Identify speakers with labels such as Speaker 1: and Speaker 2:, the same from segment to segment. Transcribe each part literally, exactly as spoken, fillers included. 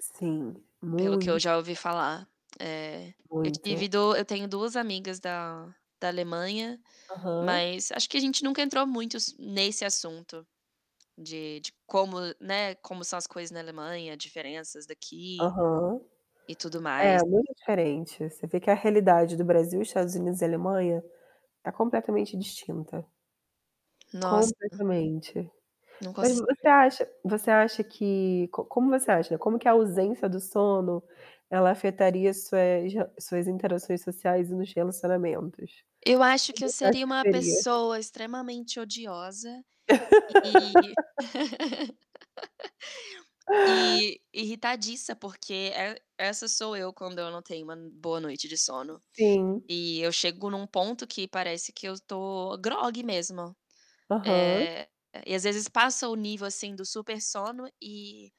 Speaker 1: Sim,
Speaker 2: Pelo o que eu
Speaker 1: muit
Speaker 2: já ouvi falar, eh, eu
Speaker 1: Muito.
Speaker 2: tive do eu tenho duas amigas da da Alemanha,
Speaker 1: Aham.
Speaker 2: mas acho que a gente nunca entrou muito s nesse assunto de de como, né, como são as coisas na Alemanha, diferenças daqui
Speaker 1: Aham.
Speaker 2: e tudo
Speaker 1: É,
Speaker 2: mais.
Speaker 1: muito diferente, você vê que a realidade do Brasil, Estados Unidos e Alemanha, tá completamente distinta.
Speaker 2: Nossa
Speaker 1: Completamente.
Speaker 2: não
Speaker 1: Mas
Speaker 2: consi
Speaker 1: você acha você acha que co como você acha, como que a ausência do sono ela afetaria as suas rel suas interações sociais e nos relacionamentos?
Speaker 2: Eu acho
Speaker 1: Como
Speaker 2: que eu
Speaker 1: você acha
Speaker 2: seria
Speaker 1: que
Speaker 2: uma
Speaker 1: seria?
Speaker 2: pessoa extremamente odiosa e e irritadiça, porque e essa sou eu quando eu não tenho uma boa noite de sono.
Speaker 1: Sim.
Speaker 2: E eu chego num ponto que parece que eu tô grogue mesmo,
Speaker 1: Aham.
Speaker 2: eh, e, às vezes, passa o nível assim do super-sono e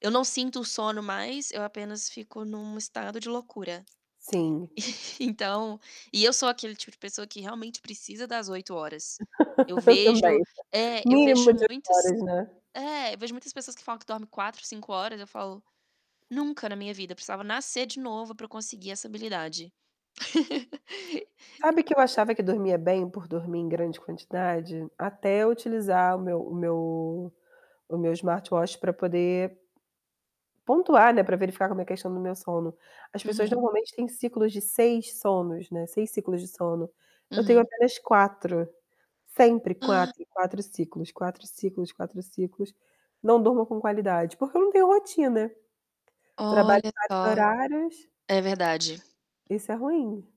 Speaker 2: eu não sinto sono mais, eu apenas fico num estado de loucura.
Speaker 1: Sim.
Speaker 2: Então e eu sou aquele tipo de pessoa que realmente precisa das oito horas. Eu
Speaker 1: Eu
Speaker 2: vejo
Speaker 1: também,
Speaker 2: é, eu vejo
Speaker 1: mínimas de
Speaker 2: muitas
Speaker 1: horas, né?
Speaker 2: é, eu vejo muitas pessoas que falam que dorme quatro, cinco horas, eu falo: "Nunca na minha vida, precisava nascer de novo pra eu conseguir essa habilidade".
Speaker 1: Sabe que eu achava que dormia bem por dormir em grande quantidade? Até eu utilizar o meu o meu o meu smartwatch pra poder pontuar, né, pra verificar como é a questão do meu sono. As pessoas
Speaker 2: Uhum.
Speaker 1: normalmente têm ciclos de seis sonos, né, seis ciclos de sono. Eu tenho
Speaker 2: Uhum.
Speaker 1: apenas quatro, sempre
Speaker 2: Ah.
Speaker 1: quatro, quatro ciclos, quatro ciclos, quatro ciclos. Não durmo com qualidade, porque eu não tenho rotina, trabalho
Speaker 2: Olha
Speaker 1: em vários
Speaker 2: só,
Speaker 1: horários
Speaker 2: é verdade.
Speaker 1: Isso é ruim.